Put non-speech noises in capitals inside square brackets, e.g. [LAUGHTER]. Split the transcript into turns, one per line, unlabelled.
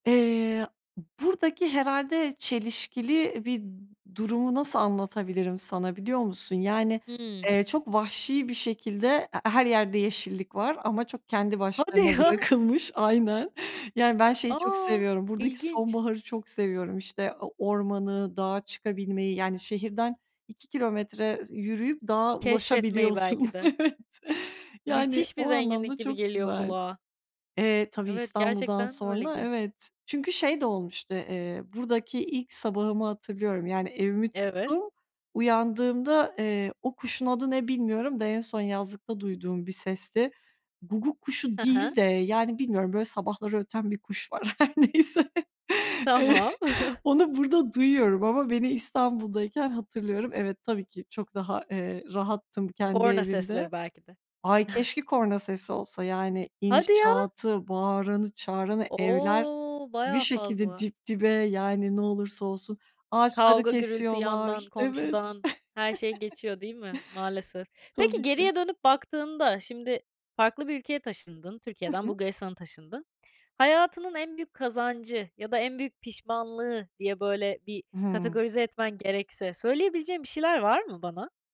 Eee, b buradaki herhâlde çelişkili bir durumu nasıl anlatabilirim sana biliyor musun? Yani,
Hıı.
eee, çok vahşi bir şekilde e he her yerde yeşillik var ama çok kendi
Hadi
başlarına
ya!
bırakılmış. Aynen. Yani, ben şeyi çok
A!
seviyorum, buradaki
İlginç.
sonbaharı çok seviyorum. İşte o ormanı, dağa çıkabilmeyi, yani, şehirden 2 kilometre s yürüyüp dağa
Keşfetmeyi
ulaşabiliyorsun.
belki de.
Evet, yani,
Müthiş bir
o
zenginlik
anlamda
gibi
çok
geliyor
güzel.
kulağa.
Eee, tabii
Evet,
İstanbul'dan
gerçekten öyle
sonra
geliyor.
evet. Çünkü şey de olmuştu, eee, buradaki ilk sabahımı hatırlıyorum. Yani evimi
Evet.
tuttum, uyandığımda, eee, o kuşun adı ne bilmiyorum da en son yazlıkta duyduğum bir sesti. Guguk kuşu
Hı hı.
değil de yani bilmiyorum böyle sabahları öten bir kuş var her neyse.
Tamam.
[CHUCKLES]
[CHUCKLES]
Onu burada duyuyorum ama beni İstanbul'dayken hatırlıyorum. Evet, tabii ki çok daha, eee, rahattım kendi
Korna
evimde.
sesleri belki de.
Ay,
[CHUCKLES]
keşke korna sesi olsa yani.
Hadi ya!
İnşaatı, bağıranı çağıranı evler
O,
bir
bayağı
şekilde
fazla.
dip dibe, yani, ne olursa olsun. Ağaçları
Kavga gürültü yandan,
kesiyorlar. Evet.
komşudan, her şey
[CHUCKLES] [LAUGHS]
geçiyor değil mi? Maalesef. Peki
Tabii ki.
geriye dönüp baktığında şimdi farklı bir ülkeye taşındın.
Hı
Türkiye'den
hı.
Bulgaristan'a taşındın. Hayatının en büyük kazancı ya da en büyük pişmanlığı diye böyle bir
Hıı.
kategorize etmen gerekse söyleyebileceğin bir şeyler var mı bana?